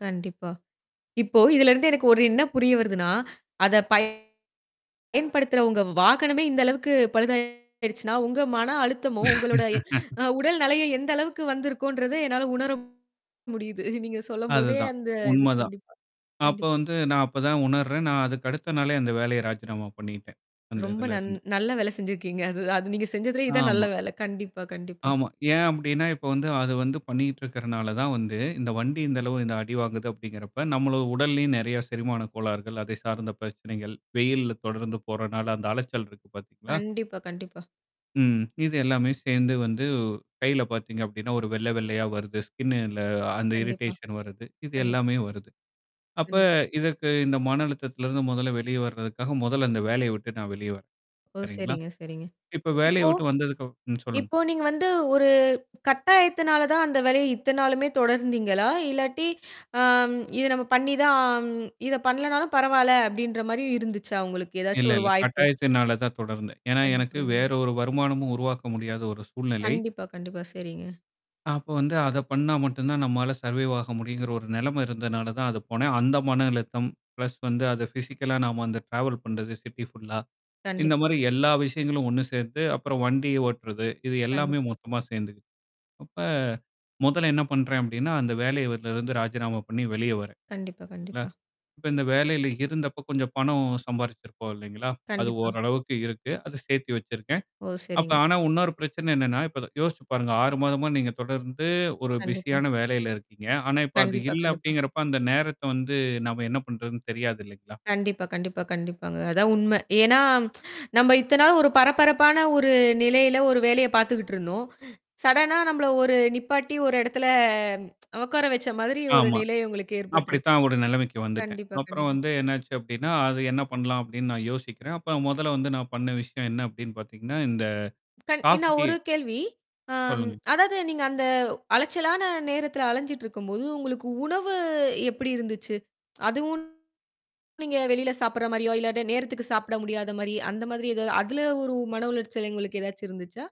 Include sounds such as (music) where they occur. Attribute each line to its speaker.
Speaker 1: கண்டிப்பா. இப்போ இதுல இருந்து எனக்கு ஒரு என்ன புரிய வருதுன்னா, அதை, பய் பயன்படுத்துறவங்க வாகனமே இந்த அளவுக்கு பழுதாயிடுச்சுன்னா, உங்க மன அழுத்தமும், உங்களோட,
Speaker 2: (laughs)
Speaker 1: அ, உடல் நலையும் எந்த அளவுக்கு வந்திருக்கும்ன்றதை என்னால உணர முடியுது. நீங்க சொல்லும் போதே
Speaker 2: அதுதான்.
Speaker 1: அந்த இது.
Speaker 2: உண்மதான்.
Speaker 1: கண்டிப்பா
Speaker 2: அப்போ
Speaker 1: கண்டிப்பா.
Speaker 2: வந்து நான் அப்பதான் உணர்றேன் நான் அதுக்கு அடுத்த நாளே அந்த வேலைய ராஜினாமா பண்ணிட்டேன் அந்த
Speaker 1: ரொம்ப நன்
Speaker 2: இதுலருந்து.
Speaker 1: நல்ல வேல செஞ்சிருக்கீங்க. அதுதான் அது நீங்க செஞ்சதிலே இதுதான் நல்ல
Speaker 2: ஆமா.
Speaker 1: வேல. கண்டிப்பா கண்டிப்பா.
Speaker 2: ஆமா. ஏன் அப்படின்னா இப்ப வந்து, அது வந்து பண்ணிட்டு இருக்கனாலதான் வந்து, இந்த வண்டி, இந்த அளவு இந்த அடி வாங்குது அப்படிங்கறப்ப நம்ம உடல்லயும் நெறைய செரிமான கோளாறுகள் அதை சார்ந்த பிரச்சனைகள், வெயில்ல தொடர்ந்து போறனால அந்த அலைச்சல் இருக்கு பாத்தீங்களா?
Speaker 1: கண்டிப்பா, கண்டிப்பா.
Speaker 2: ம். இது எல்லாமே சேர்ந்து வந்து கையில பாத்தீங்க அப்படின்னா, ஒரு வெள்ளை வெள்ளையா வருது ஸ்கின்ல அந்த
Speaker 1: கண்டிப்பா,
Speaker 2: இரிடேஷன் வருது. இது
Speaker 1: கண்டிப்பா.
Speaker 2: எல்லாமே வருது. அப்ப
Speaker 1: கண்டி
Speaker 2: இதற்கு இந்த மன அழுத்தத்துல இருந்து மொதல்ல வெளிய வர்றதுக்காக மொதல்ல அந்த வேலையை விட்டு நான் வெளிய வரேன்.
Speaker 1: ஓ!
Speaker 2: சரிங்களா?
Speaker 1: சரிங்க சரிங்க.
Speaker 2: இப்ப வேலைய
Speaker 1: இப்போ
Speaker 2: விட்டு வந்ததுக்கு அப்புறம் சொல்லுங்க.
Speaker 1: இப்போ நீங்க வந்து, ஒரு கட்டாயத்தினால தான் அந்த வேலைய இத்தனை நாளுமே தொடர்ந்தீங்களா? இல்லாட்டி, ஆம், இது நம்ம பண்ணி தான், ஆம், இதை பண்ணலனாலும் பரவாயில்ல அப்படின்ற மாரி இருந்துச்சா உங்களுக்கு
Speaker 2: இல்ல
Speaker 1: ஏதாச்சும் ஒரு
Speaker 2: இல்ல.
Speaker 1: வாய்ப்பு?
Speaker 2: கட்டாயத்தினாலதான் தொடர்ந்தேன். ஏன்னா எனக்கு
Speaker 1: கண்டிப்பா. (unintelligible)
Speaker 2: வேறொரு வருமானமும் உருவாக்க முடியாத ஒரு சூழ்நிலை.
Speaker 1: கண்டிப்பா, கண்டிப்பா, செரிங்க.
Speaker 2: அப்ப வந்து அதை பண்ணா மட்டும்தான் நம்மால சர்வேவ் ஆக முடியும்ங்கிற ஒரு நிலைமை இருந்ததுனாலதான் அதுக்கு போனேன். அந்த மன அழுத்தம் பிளஸ் வந்து அது பிஸிக்கலா நாம அந்த டிராவல் பண்றது சிட்டி ஃபுல்லா இந்த
Speaker 1: கண்டிப்பா.
Speaker 2: மாதிரி எல்லா விஷயங்களும் ஒண்ணு சேர்த்து அப்புறம் வண்டி ஓட்டறது, இது எல்லாமே
Speaker 1: கண்டிப்பா.
Speaker 2: மொத்தமா சேர்ந்துக்குது. அப்ப மொதல்ல என்ன பண்றேன் அப்படின்னா, அந்த வேலையில வ, இருந்து ராஜினாமா பண்ணி வெளிய வர்றேன்.
Speaker 1: கண்டிப்பா,
Speaker 2: சரிங்களா?
Speaker 1: கண்டிப்பா.
Speaker 2: இப்ப இந்த வேலையில இருந்தப்ப கொஞ்சம் பணம் சம்பாதிச்சிருப்போம். இல்லைங்களா? அது
Speaker 1: கண்டிப்பா.
Speaker 2: ஓரளவுக்கு இருக்கு, அதை சேர்த்தி வச்சிருக்கேன்.
Speaker 1: ஓ!
Speaker 2: அப்ப
Speaker 1: சரிங்க.
Speaker 2: ஆனா, இன்னொரு பிரச்சனை, என்னன்னா இப்ப யோசிச்சு பாருங்க 6 மாதமா நீங்க தொடர்ந்து ஒரு
Speaker 1: கண்டிப்பா.
Speaker 2: பிஸியான வேலையில இருக்கீங்க. ஆனா, இப்ப அது
Speaker 1: கண்டிப்பா,
Speaker 2: இல்ல
Speaker 1: கண்டிப்பா.
Speaker 2: அப்படிங்கிறப்ப அந்த நேரத்தை வந்து நாம என்ன பண்றதுன்னு தெரியாது இல்லைங்களா?
Speaker 1: கண்டிப்பா கண்டிப்பா கண்டிப்பாங்க. அதான் உண்மை. ஏன்னா, (clicks tongue) நம்ம இத்தனை நாள் ஒரு பரபரப்பான ஒரு நிலையில ஒரு வேலைய பார்த்துகிட்டு இருந்தோம். சடனா நம்மள ஒரு நிப்பாட்டி ஒரு எடத்துல உக்கார வச்ச மாதிரி ஒரு
Speaker 2: ஆமா.
Speaker 1: நிலை உங்களுக்கு ஏற்பட்டுருச்சு.
Speaker 2: அப்படித்தான் ஒரு நிலைமைக்கு வந்துட்டேன்.
Speaker 1: கண்டிப்பா
Speaker 2: அப்புறம்
Speaker 1: கண்டிப்பா.
Speaker 2: வந்து என்ன ஆச்சு அப்படின்னா, அது என்ன பண்ணலாம் அப்படின்னு நான் யோசிக்கிறேன். அப்ப மொதல்ல வந்து, நான் பண்ண விஷயம் என்ன அப்படின்னு பார்த்தீங்கன்னா, இந்த
Speaker 1: கண் இன்னா
Speaker 2: காபி, டீ
Speaker 1: 1
Speaker 2: சொல்லுங்க.
Speaker 1: கேள்வி, ஆம்,
Speaker 2: சொல்லுங்க.
Speaker 1: அதாவது நீங்க அந்த அலைச்சலான நேரத்துல அலைஞ்சிட்டு இருக்கும் போது உங்களுக்கு உணவு எப்படி இருந்துச்சு? அதுவும், நீங்க வெளியில சாப்பிடுற மாரியோ? இல்லாட்டி நேரத்துக்கு சாப்பிட முடியாத மாதிரி, அந்த மாதிரி ஏதாவது அதுல ஒரு மன உளைச்சல் உங்களுக்கு ஏதாச்சும் இருந்துச்சா?